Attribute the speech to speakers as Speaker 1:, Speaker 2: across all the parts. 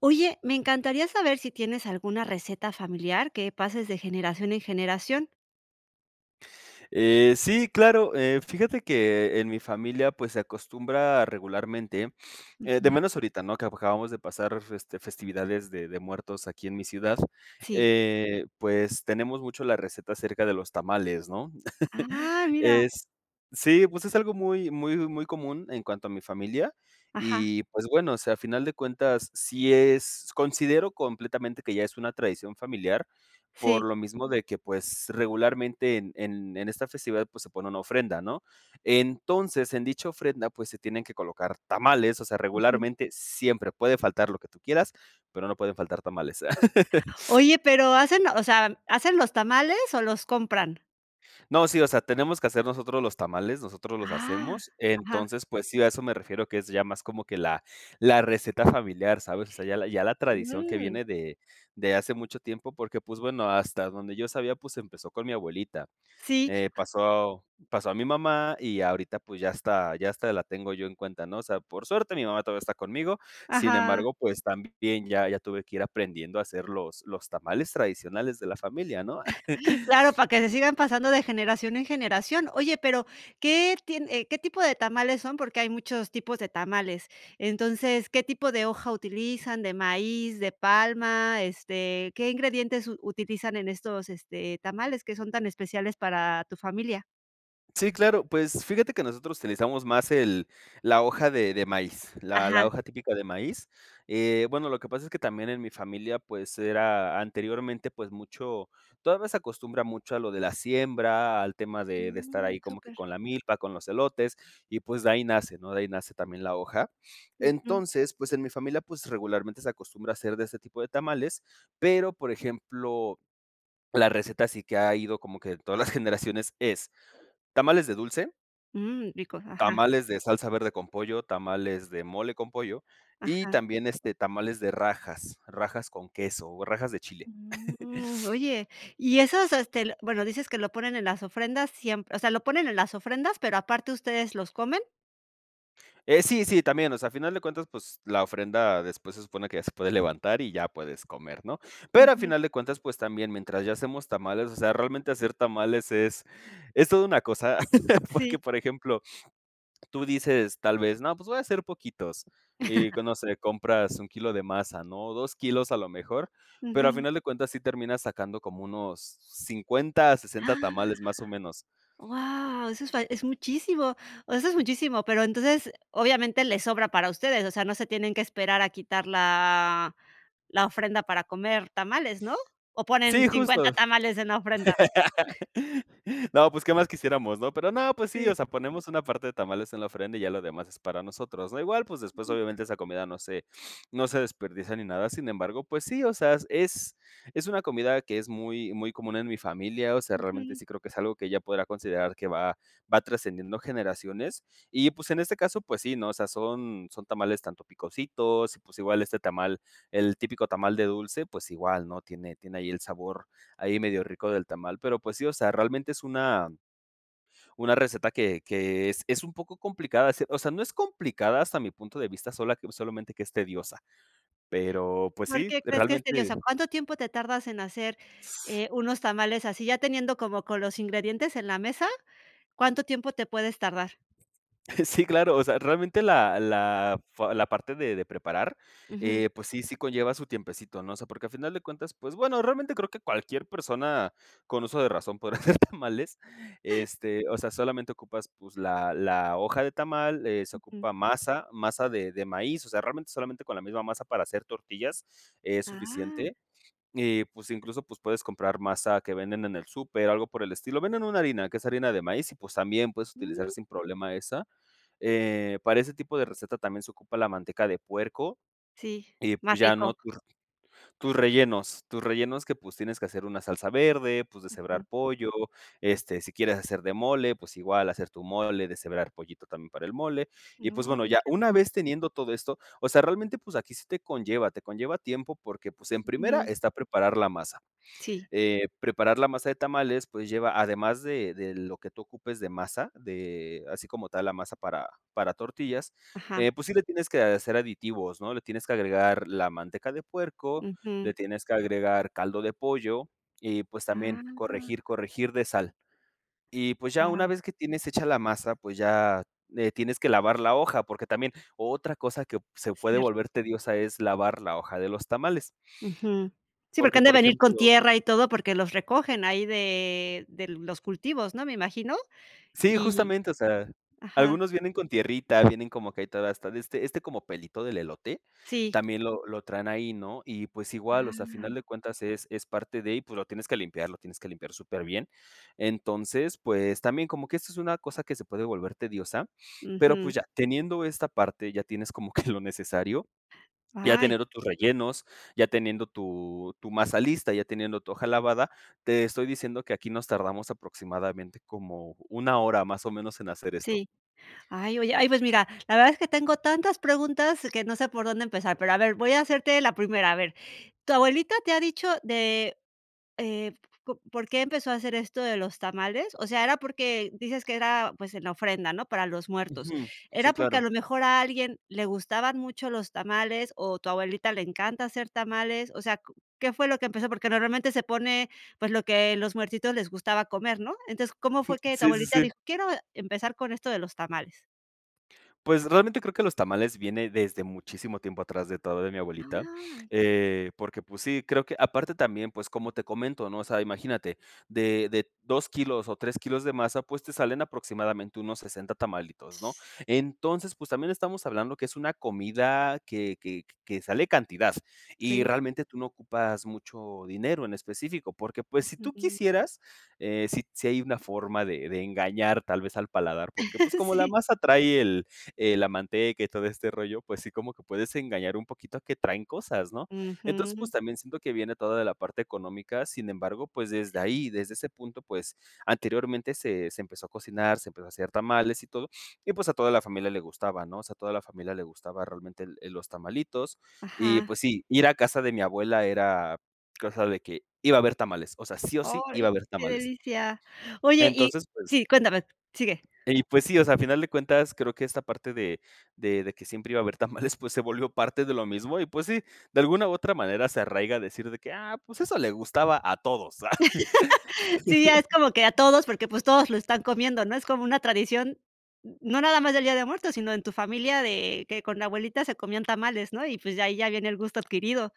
Speaker 1: Oye, me encantaría saber si tienes alguna receta familiar que pases de generación en generación.
Speaker 2: Eh, sí claro, eh, fíjate que en mi familia, pues, se acostumbra regularmente, eh, de
Speaker 1: Ujú.
Speaker 2: menos ahorita, ¿no?, que acabamos de pasar, este, festividades de de muertos aquí en mi ciudad,
Speaker 1: Sí.
Speaker 2: eh, pues, tenemos mucho la receta acerca de los tamales, ¿no?,
Speaker 1: ¡Ah, mira!
Speaker 2: es sí, pues, es algo muy muy muy común en cuanto a mi familia
Speaker 1: Ajá.
Speaker 2: y, pues, bueno, o sea, a final de cuentas, si es, considero completamente que ya es una tradición familiar, por
Speaker 1: Sí.
Speaker 2: lo mismo de que, pues, regularmente en en en esta festividad, pues, se pone una ofrenda, ¿no?, entonces, en dicha ofrenda, pues, se tienen que colocar tamales, o sea,
Speaker 1: Ujú.
Speaker 2: regularmente siempre puede faltar lo que tú quieras, pero no pueden faltar tamales.
Speaker 1: Oye, ¿pero hacen, o sea, hacen los tamales o los compran?
Speaker 2: No, sí, o sea, tenemos que hacer nosotros los tamales, nosotros los
Speaker 1: Ah,
Speaker 2: hacemos,
Speaker 1: ajá.
Speaker 2: entonces, pues sí, a eso me refiero que es ya más como que la la receta familiar, ¿sabes?, o sea, ya la ya la tradición que
Speaker 1: Mm.
Speaker 2: viene de de hace mucho tiempo porque, pues, bueno, hasta donde yo sabía, pues, empezó con mi abuelita,
Speaker 1: Sí.
Speaker 2: eh, pasó pasó a mi mamá y ahorita, pues, ya hasta ya hasta la tengo yo en cuenta, ¿no?, o sea, por suerte, mi mamá todavía está conmigo, sin
Speaker 1: Ajá.
Speaker 2: embargo, pues, también ya ya tuve que ir aprendiendo a hacer los los tamales tradicionales de la familia, ¿no?
Speaker 1: Claro, para que se sigan pasando de generación en generación, oye, pero ¿qué tie qué tipo de tamales son?, porque hay muchos tipos de tamales, entonces, ¿qué tipo de hoja utilizan?, ¿de maíz, de palma?, este, ¿qué ingredientes utilizan en estos, este, tamales que son tan especiales para tu familia?
Speaker 2: Sí, claro, pues fíjate que nosotros utilizamos más el la hoja de de maíz, la
Speaker 1: Ajá.
Speaker 2: la hoja típica de maíz. Eh, bueno, lo que pasa es que también en mi familia, pues era anteriormente, pues mucho, todavía se acostumbra mucho a lo de la siembra, al tema de de estar
Speaker 1: Mm,
Speaker 2: ahí como que
Speaker 1: súper.
Speaker 2: con la milpa, con los elotes, y, pues, de ahí nace, ¿no? De ahí nace también la hoja.
Speaker 1: Ujú.
Speaker 2: Entonces, pues, en mi familia, pues, regularmente se acostumbra hacer de ese tipo de tamales, pero, por ejemplo, la receta sí que ha ido como que todas las generaciones, es tamales de dulce
Speaker 1: Mm, ricos, ajá.
Speaker 2: tamales de salsa verde con pollo, tamales de mole con pollo, y
Speaker 1: Ajá.
Speaker 2: también, este, tamales de rajas, rajas con queso o rajas de chile.
Speaker 1: Mm, mm. Oye, y esos este, bueno, dices que lo ponen en las ofrendas, siem o sea, ¿lo ponen en las ofrendas, pero aparte ustedes los comen?
Speaker 2: Eh, sí, sí, también, o sea, a final de cuentas, pues, la ofrenda después se supone que ya se puede levantar y ya puedes comer, ¿no? Pero a
Speaker 1: Ujú.
Speaker 2: final de cuentas, pues también, mientras ya hacemos tamales, o sea, realmente hacer tamales es es todo una cosa, porque,
Speaker 1: Sí.
Speaker 2: por ejemplo, tú dices, tal vez, no, pues voy hacer poquitos, y q no sé, compras 1 kilo de masa, ¿no? 2 kilos a lo mejor, pero a
Speaker 1: Ujú.
Speaker 2: final de cuentas sí terminas sacando como unos 50, 60
Speaker 1: Ah.
Speaker 2: tamales, más o menos.
Speaker 1: Wao, eso es fal es muchísimo, o sea, es muchísimo, pero entonces obviamente les sobra para ustedes, o sea, no se tienen que esperar a quitar la la ofrenda para comer tamales, ¿no? ¿O ponen
Speaker 2: Sí,
Speaker 1: 50
Speaker 2: justo.
Speaker 1: tamales en la ofrenda?
Speaker 2: No, pues, ¿qué más quisiéramos, no? Pero no, pues sí,
Speaker 1: Sí.
Speaker 2: o sea, ponemos una parte de tamales en la ofrenda y ya lo demás es para nosotros, ¿no? Igual, pues, después,
Speaker 1: Ujú.
Speaker 2: obviamente, esa comida no se, no se desperdicia ni nada. Sin embargo, pues sí, o sea, es es una comida que es muy, muy común en mi familia, o sea, realmente
Speaker 1: Ujú.
Speaker 2: sí creo que es algo que ya podrá considerar que va va trascendiendo generaciones, y pues en este caso, pues sí, ¿no? O sea, son son tamales tanto picositos y pues igual este tamal, el típico tamal de dulce, pues igual, ¿no? Tiene tiene ahí el sabor ahí medio rico del tamal, pero pues sí, o sea, realmente es una una receta que que es es un poco complicada, o sea, no es complicada hasta mi punto de vista sola que solamente que es tediosa. Pero, pues
Speaker 1: ¿Por
Speaker 2: sí,
Speaker 1: qué crees que es
Speaker 2: realmente
Speaker 1: tedioso? ¿Cuánto tiempo te tardas en hacer, eh, unos tamales así? Ya teniendo como con los ingredientes en la mesa, ¿cuánto tiempo te puedes tardar?
Speaker 2: Sí, claro, o sea, realmente la la, fa la parte de de preparar,
Speaker 1: Ujú.
Speaker 2: eh, pues sí, sí conlleva su tiempecito, ¿no? O sea, porque al final de cuentas, pues bueno, realmente creo que cualquier persona con uso de razón podría hacer tamales, este, o sea, solamente ocupas, pues la la hoja de tamal, eh, se
Speaker 1: Ujú.
Speaker 2: ocupa masa, masa de de maíz, o sea, realmente solamente con la misma masa para hacer tortillas es
Speaker 1: Ah.
Speaker 2: suficiente, y pues incluso, pues puedes comprar masa que venden en el súper, algo por el estilo. Venden una harina, que es harina de maíz, y pues también puedes utilizar
Speaker 1: Mm.
Speaker 2: sin problema esa. Eh, para este tipo de receta también se ocupa la manteca de puerco,
Speaker 1: Sí,
Speaker 2: y
Speaker 1: más
Speaker 2: pues ya,
Speaker 1: rico.
Speaker 2: ¿no? Tur tus rellenos, tus rellenos que, pues, tienes que hacer una salsa verde, pues
Speaker 1: Ujú.
Speaker 2: deshebrar pollo, este, si quieres hacer de mole, pues igual hacer tu mole, deshebrar pollito también para el mole. Y pues
Speaker 1: No,
Speaker 2: bueno,
Speaker 1: y
Speaker 2: ya
Speaker 1: que
Speaker 2: una
Speaker 1: rico.
Speaker 2: vez teniendo todo esto, o sea, realmente pues aquí sí te conlleva, te conlleva tiempo porque, pues en primera
Speaker 1: Ujú.
Speaker 2: está preparar la masa.
Speaker 1: Sí.
Speaker 2: Eh, preparar la masa de tamales, pues lleva, además de de lo que tú ocupes de masa, de así como tal la masa para para tortillas,
Speaker 1: Ajá.
Speaker 2: eh, pues sí le tienes que hacer aditivos, ¿no? Le tienes que agregar la manteca de puerco, le
Speaker 1: Ujú.
Speaker 2: tienes que agregar caldo de pollo y, pues, también corregir,
Speaker 1: Ah.
Speaker 2: corregir de sal. Y, pues, ya
Speaker 1: Ah.
Speaker 2: una vez que tienes hecha la masa, pues, ya, eh, tienes que lavar la hoja, porque también otra cosa que se puede
Speaker 1: Cierto.
Speaker 2: volver tediosa es lavar la hoja de los tamales.
Speaker 1: Ujú. Sí, porque
Speaker 2: Porque,
Speaker 1: han de
Speaker 2: por
Speaker 1: venir con
Speaker 2: ejemplo
Speaker 1: tierra y todo porque los recogen ahí de de los cultivos, ¿no? Me imagino.
Speaker 2: Sí,
Speaker 1: Y
Speaker 2: justamente, o sea,
Speaker 1: Ajá.
Speaker 2: algunos vienen con tierrita, vienen como que ahí toda esta de este este como pelito del elote
Speaker 1: Sí.
Speaker 2: también lo lo traen ahí, ¿no? Y, pues igual, o sea, al final
Speaker 1: Ah.
Speaker 2: de cuentas es es parte de y, pues lo tienes que limpiar, lo tienes que limpiar superbién. Entonces, pues también como que esto es una cosa que se puede volver tediosa, pero
Speaker 1: Ujú.
Speaker 2: pues ya teniendo esta parte, ya tienes como que lo necesario, ya
Speaker 1: Ay.
Speaker 2: teniendo tus rellenos, ya teniendo tu tu masa lista, ya teniendo tu hoja lavada, te estoy diciendo que aquí nos tardamos aproximadamente como 1 hora, más o menos, en hacer esto.
Speaker 1: Sí. Ay, oye ay pues mira, la verdad es que tengo tantas preguntas que no sé por dónde empezar, pero a ver, voy a hacerte la primera, a ver. ¿Tu abuelita te ha dicho de, eh, po por qué empezó a hacer esto de los tamales? O sea, era porque dices que era, pues, en la ofrenda, ¿no?, para los muertos.
Speaker 2: Ujú. Sí,
Speaker 1: ¿Era porque a
Speaker 2: claro.
Speaker 1: lo mejor a alguien le gustaban mucho los tamales o tu abuelita le encanta hacer tamales? O sea, ¿co qué fue lo que empezó? Porque normalmente se pone, pues, lo que los muertitos les gustaba comer, ¿no? Entonces, ¿cómo
Speaker 2: Jum.
Speaker 1: fue que tu
Speaker 2: Sí, sí,
Speaker 1: abuelita
Speaker 2: sí.
Speaker 1: dijo? "Quiero empezar con esto de los tamales".
Speaker 2: Pues realmente creo que los tamales viene desde muchísimo tiempo atrás de todo de mi abuelita,
Speaker 1: Ay.
Speaker 2: eh, porque, pues, sí, creo que aparte también, pues, como te comento, ¿no? O sea, imagínate de de 2 kilos o 3 kilos de masa, pues, te salen aproximadamente unos 60 tamalitos, ¿no? Entonces, pues, también estamos hablando que es una comida que que que sale cantidad y
Speaker 1: Rinde.
Speaker 2: realmente tú no ocupas mucho dinero en específico, porque, pues, si tú
Speaker 1: Ujú.
Speaker 2: quisieras, eh, si si hay una forma de de engañar tal vez al paladar, porque, pues, como la
Speaker 1: Sí.
Speaker 2: masa trae el eh, la manteca y todo este rollo, pues, sí como que puedes engañar un poquito a que traen cosas, ¿no? Entonces, pues,
Speaker 1: Ujú.
Speaker 2: también siento que viene toda de la parte económica, sin embargo, pues, desde
Speaker 1: Sí.
Speaker 2: ahí, desde ese punto, pues, anteriormente se se empezó a cocinar, se empezó a hacer tamales y todo, y, pues, a toda la familia le gustaba, ¿no? O sea, a toda la familia le gustaba realmente el el los tamalitos. Y,
Speaker 1: Ajá.
Speaker 2: pues, sí, ir a casa de mi abuela era cosa de que iba a haber tamales, o sea, sí o sí iba a
Speaker 1: Ay,
Speaker 2: haber
Speaker 1: qué
Speaker 2: tamales.
Speaker 1: delicia. Oye y
Speaker 2: Entonces, pues
Speaker 1: Sí, cuéntame Sigue.
Speaker 2: eh, y pues, sí, o sea, a final de cuentas creo que esta parte de de de de que siempre iba a haber tamales, pues, se volvió parte de lo mismo y, pues, sí, de alguna u otra manera se arraiga a decir de que: "Ah, pues, eso le gustaba a todos".
Speaker 1: Sí, ya es como que a todos, porque, pues, todos lo están comiendo, ¿no? Es como una tradición, n no nada más del Día de Muertos, sino en tu familia de que con la abuelita se comían tamales, ¿no? Y, pues, de ahí ya viene el gusto adquirido.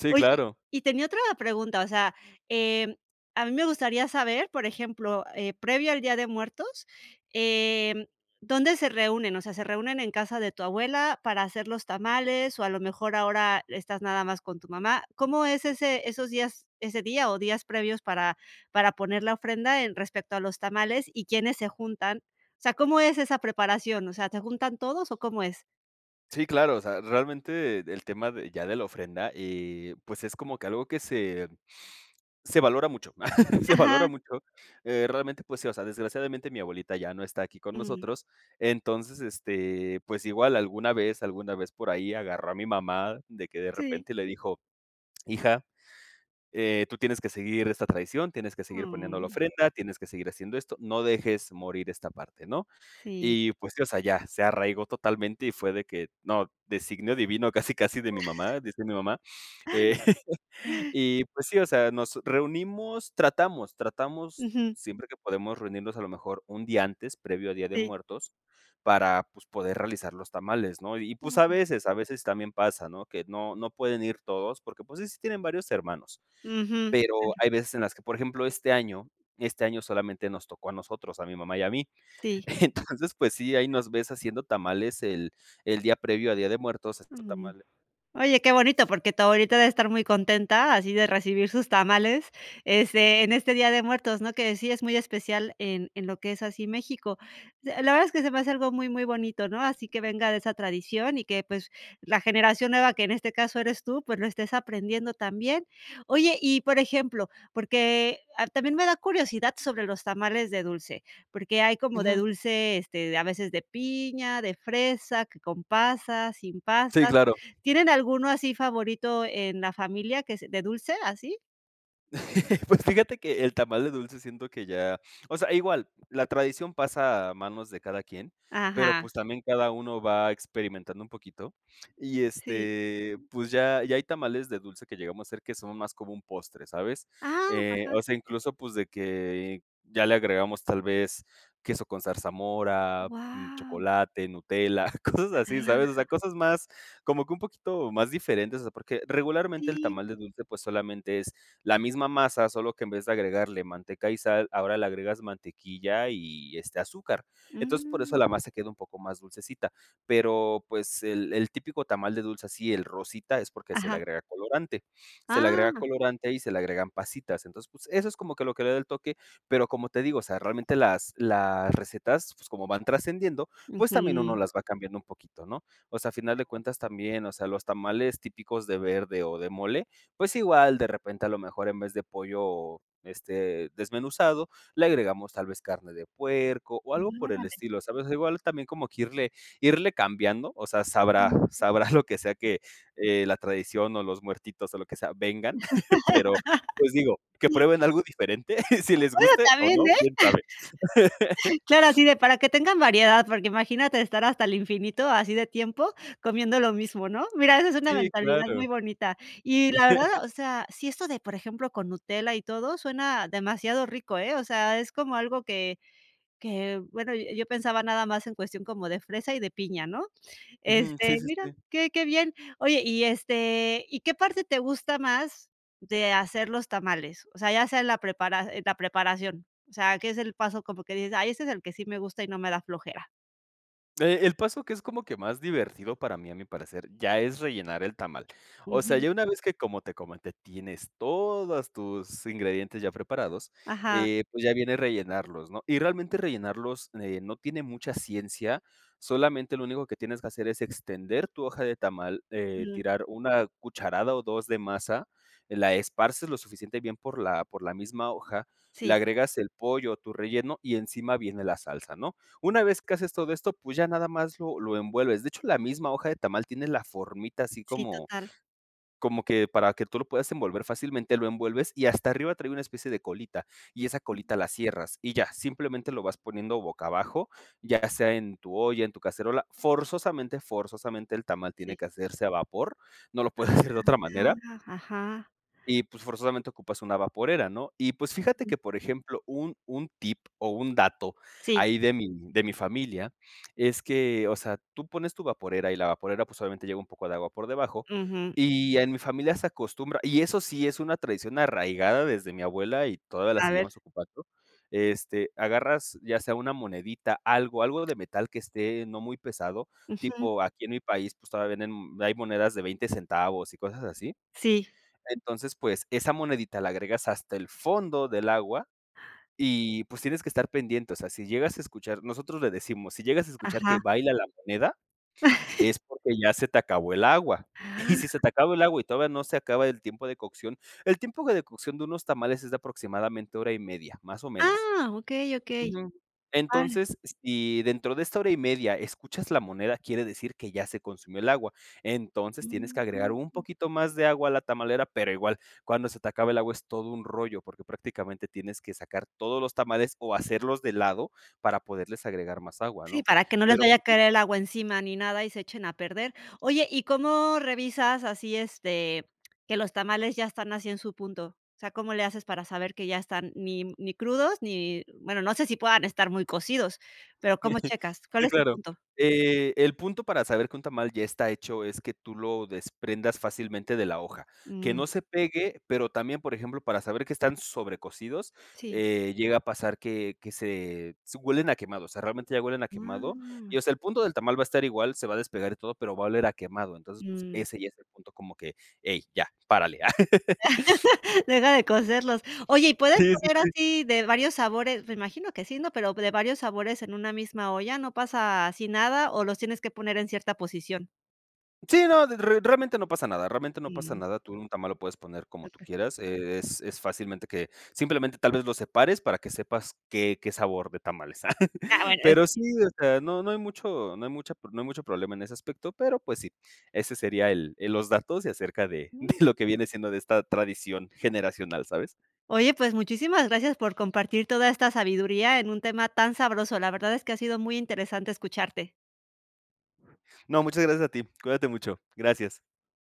Speaker 2: Sí,
Speaker 1: Oye,
Speaker 2: claro.
Speaker 1: y tenía otra pregunta, o sea, eh, a mí me gustaría saber, por ejemplo, eh, previo al Día de Muertos, eh, ¿dónde se reúnen? O sea, se reúnen en casa de tu abuela para hacer los tamales, o a lo mejor ahora estás nada más con tu mamá. ¿Cómo es ese esos días, ese día o días previos para para poner la ofrenda en respecto a los tamales y quiénes se juntan? O sea, ¿cómo es esa preparación? O sea, ¿te juntan todos o cómo es?
Speaker 2: Sí, claro, o sea, realmente el tema de ya de la ofrenda, eh, pues, es como que algo que se se valora mucho, se valora
Speaker 1: Ajá.
Speaker 2: mucho, eh, realmente, pues, sí, o sea, desgraciadamente mi abuelita ya no está aquí con
Speaker 1: Mm.
Speaker 2: nosotros. Entonces, este, pues, igual alguna vez alguna vez por ahí agarró a mi mamá de que, de
Speaker 1: Sí.
Speaker 2: repente, le dijo: "Hija, eh, tú tienes que seguir esta tradición, tienes que seguir poniendo la
Speaker 1: Ah.
Speaker 2: ofrenda, tienes que seguir haciendo esto, no dejes morir esta parte, ¿no?".
Speaker 1: Sí.
Speaker 2: Y, pues, sí, o sea, ya se arraigó totalmente y fue de que: "No, designio divino casi casi de mi mamá", dice mi mamá, eh, y, pues, sí, o sea, nos reunimos, tratamos, tratamos
Speaker 1: Ujú.
Speaker 2: siempre que podemos reunirnos a lo mejor un día antes previo a Día de
Speaker 1: Sí.
Speaker 2: Muertos para, pues, poder realizar los tamales, ¿no? Y y, pues, a
Speaker 1: Am.
Speaker 2: veces a veces también pasa, ¿no?, que no no pueden ir todos porque, pues, sí, sí tienen varios hermanos.
Speaker 1: Ujú. Mm,
Speaker 2: Pero
Speaker 1: ya.
Speaker 2: hay veces en las que, por ejemplo, este año este año solamente nos tocó a nosotros, a mi mamá y a mí.
Speaker 1: Sí.
Speaker 2: Entonces, pues, sí, ahí nos ves haciendo tamales el el día previo a Día de Muertos. Estos
Speaker 1: Mm.
Speaker 2: tamales
Speaker 1: Oye, qué bonito, porque tu abuelita debe estar muy contenta, así de recibir sus tamales, este, en este Día de Muertos, ¿no? Que sí es muy especial en en lo que es así México. S la verdad es que se me hace algo muy muy bonito, ¿no? Así que venga de esa tradición y que, pues, la generación nueva que en este caso eres tú, pues, lo estés aprendiendo también. Oye, y, por ejemplo, porque, ah, también me da curiosidad sobre los tamales de dulce, porque hay como de
Speaker 2: Ujú.
Speaker 1: dulce, este, de a veces de piña, de fresa, que con pasas, sin
Speaker 2: Sí,
Speaker 1: pasas.
Speaker 2: claro.
Speaker 1: ¿Tienen alguno así favorito en la familia que es de dulce, así?
Speaker 2: Pues fíjate que el tamal de dulce siento que ya o sea, igual, la tradición pasa a manos de cada quien, pero,
Speaker 1: Ajá.
Speaker 2: pues, también cada uno va experimentando un poquito y,
Speaker 1: Sí.
Speaker 2: este, pues, ya ya hay tamales de dulce que llegamos a hacer que son más como un postre, ¿sabes?,
Speaker 1: Ah,
Speaker 2: eh,
Speaker 1: ajá.
Speaker 2: o sea, incluso, pues, de que ya le agregamos tal vez queso con zarzamora, mm,
Speaker 1: Guau.
Speaker 2: chocolate, Nutella, cosas así, ¿sabes?, o sea, cosas más como que un poquito más diferentes, o sea, porque regularmente el
Speaker 1: Sí.
Speaker 2: tamal de dulce, pues, solamente es la misma masa solo que en vez de agregarle manteca y sal, ahora le agregas mantequilla y, este, azúcar. Entonces por eso
Speaker 1: Mm.
Speaker 2: la masa queda un poco más dulcecita. Pero, pues, el el típico tamal de dulce así, el rosita es porque se le
Speaker 1: Ajá.
Speaker 2: agrega colorante se le agrega
Speaker 1: Ah.
Speaker 2: colorante y se le agregan pasitas, entonces, pues, eso es como que lo que le da el toque, pero, como te digo, o sea, realmente las las recetas, pues, como van trascendiendo, pues, también uno
Speaker 1: Ujú.
Speaker 2: las va cambiando un poquito, ¿no? O sea, a final de
Speaker 1: Claro.
Speaker 2: cuentas también, o sea, los tamales típicos de verde o de mole, pues, igual, de repente, a lo mejor, en vez de pollo, este, desmenuzado, le agregamos tal vez carne de puerco o algo
Speaker 1: Mm,
Speaker 2: por el
Speaker 1: órale.
Speaker 2: estilo, ¿sabes? Igual también como que irle irle cambiando, o sea, sabrá,
Speaker 1: Sí.
Speaker 2: sabrá lo que sea que la tradición o los muertitos o lo que sea vengan, pero, pues, digo, que prueben algo diferente, si les
Speaker 1: Ahora
Speaker 2: guste o
Speaker 1: también,
Speaker 2: no,
Speaker 1: ¿eh?
Speaker 2: ¿quién sabe?
Speaker 1: Claro, así de para que tengan variedad, porque imagínate estar hasta el infinito, así de tiempo, comiendo lo mismo, ¿no? Mira, esa es una
Speaker 2: Sí,
Speaker 1: mentalidad
Speaker 2: claro.
Speaker 1: muy bonita. Y, la verdad, o sea, si esto de, por ejemplo, con Nutella y todo suena demasiado rico, ¿eh?, o sea, es como algo que que, bueno, yo yo pensaba nada más en cuestión como de fresa y de piña, ¿no?
Speaker 2: Ujú. Sí
Speaker 1: Este,
Speaker 2: sí
Speaker 1: mira,
Speaker 2: sí.
Speaker 1: qué qué bien. Oye, y, este, ¿y qué parte te gusta más de hacer los tamales? O sea, ya sea en la preprara en la preparación. O sea, que es el paso como que dices: "Ay, este es el que sí me gusta y no me da flojera".
Speaker 2: Eh, el paso que es como que más divertido para mí, a mi parecer, ya es rellenar el tamal. O sea,
Speaker 1: Ujú.
Speaker 2: ya una vez que, como te comenté, tienes todas tus ingredientes ya preparados,
Speaker 1: Ajá.
Speaker 2: eh, pues, ya viene rellenarlos, ¿no? Y realmente rellenarlos de no tiene mucha ciencia. Solamente, lo único que tienes que hacer, es extender tu hoja de tamal, eh,
Speaker 1: Mm.
Speaker 2: tirar 1 cucharada o 2 de masa. La esparces lo suficiente bien por la por la misma hoja, le
Speaker 1: Sí.
Speaker 2: agregas el pollo o tu relleno, y encima viene la salsa, ¿no? Una vez que haces todo esto, pues, ya nada más lo lo envuelves. De hecho, la misma hoja de tamal, tiene la formita así
Speaker 1: Sí,
Speaker 2: como
Speaker 1: total.
Speaker 2: como que, para que tú lo puedas envolver fácilmente. Lo envuelves, y hasta arriba trae una especie de colita, y esa colita la cierras y ya. Simplemente lo vas poniendo boca abajo, ya sea en tu olla, en tu cacerola. Forzosamente, forzosamente el tamal tiene
Speaker 1: Sí.
Speaker 2: que hacerse a vapor, no lo puedes hacer de otra manera.
Speaker 1: Ah Ajá.
Speaker 2: Y, pues, forzosamente ocupas una vaporera, ¿no? Y, pues, fíjate
Speaker 1: Ujú.
Speaker 2: que, por ejemplo, un un tip o un dato,
Speaker 1: Sí.
Speaker 2: ahí de mi de mi familia, es que, o sea, tú pones tu vaporera, y la vaporera, pues, obviamente llega un poco de agua por debajo,
Speaker 1: Ujú.
Speaker 2: y en mi familia se acostumbra Y eso sí es una tradición arraigada desde mi abuela, y todavía la
Speaker 1: A ver.
Speaker 2: seguimos ocupando. Este, agarras ya sea una monedita, algo algo de metal, que esté, no muy pesado.
Speaker 1: Ujú.
Speaker 2: Tipo aquí en mi país, pues, todavía venden Hay monedas de $20 centavos, y cosas así.
Speaker 1: Sí.
Speaker 2: Entonces, pues, esa monedita, la agregas hasta el fondo del agua
Speaker 1: Ah.
Speaker 2: y, pues, tienes que estar pendiente. O sea, si llegas a escuchar Nosotros le decimos: "Si llegas a escuchar que
Speaker 1: Ajá.
Speaker 2: baila la moneda, es porque ya se te acabó el agua". Y si se te acabó el agua, y todavía no se acaba el tiempo de cocción. El tiempo de cocción de unos tamales, es de aproximadamente, 1:30, más o menos.
Speaker 1: Ah, okey okey.
Speaker 2: Ujú.
Speaker 1: Vale.
Speaker 2: Entonces, si dentro de esta 1:30, escuchas la moneda, quiere decir que ya se consumió el agua. Entonces, tienes que agregar un
Speaker 1: Mm
Speaker 2: poquito más de agua a la tamalera. Pero igual, cuando se te acaba el agua es todo un rollo, porque prácticamente tienes que sacar todos los tamales, o hacerlos de lado, para poderles agregar más agua,
Speaker 1: Sí,
Speaker 2: ¿no?
Speaker 1: para que no les
Speaker 2: Pero,
Speaker 1: vaya a
Speaker 2: pues sí.
Speaker 1: caer el agua encima, ni nada, y se echen a perder. Oye, ¿y cómo revisas así, este, que los tamales ya están así en su punto? O sea, ¿cómo le haces para saber que ya están, ni ni crudos ni? Bueno, no sé si puedan estar muy cocidos. Pero, ¿cómo checas? ¿Cuál
Speaker 2: Sí,
Speaker 1: es el
Speaker 2: claro,
Speaker 1: punto?
Speaker 2: eh, el punto para saber que un tamal ya está hecho, es que tú lo desprendas fácilmente de la hoja. Que
Speaker 1: Mm.
Speaker 2: no se pegue, pero también, por ejemplo, para saber que están sobrecosidos,
Speaker 1: Sí.
Speaker 2: eh, llega a pasar que que se se Huelen a quemado. O sea, realmente ya huelen a quemado.
Speaker 1: Wao
Speaker 2: Y, o sea, el punto del tamal va a estar igual, se va a despegar y todo, pero va a oler a quemado. Entonces, pues,
Speaker 1: Mm.
Speaker 2: ese ya es el punto como que: "¡Hey, ya, párale!".
Speaker 1: Deja de cocerlos. Oye, ¿y puedes
Speaker 2: Sí, sí,
Speaker 1: poner
Speaker 2: sí.
Speaker 1: así, de varios sabores? Me imagino que sí, ¿no? Pero p de varios sabores, en una misma olla, ¿no pasa, así nada? ¿O los tienes que poner en cierta posición?
Speaker 2: Sí, no. De re realmente no pasa nada. Realmente no pasa
Speaker 1: Mm.
Speaker 2: nada. Tú, un tamal lo puedes poner como tú
Speaker 1: Okey.
Speaker 2: quieras. Eh, es es fácilmente que Simplemente, tal vez, lo separes, para que sepas qué qué sabor de tamal es.
Speaker 1: Ah, bueno.
Speaker 2: Pero, sí. O sea, no no hay mucho no hay mucha pro No hay mucho problema en ese aspecto. Pero, pues sí, ese sería el el Los datos de acerca de de lo que viene siendo, de esta tradición generacional, ¿sabes?
Speaker 1: Oye, pues, muchísimas gracias por compartir toda esta sabiduría, en un tema tan sabroso. La verdad, es que ha sido muy interesante escucharte.
Speaker 2: No, muchas gracias a ti. Cuídate mucho, gracias.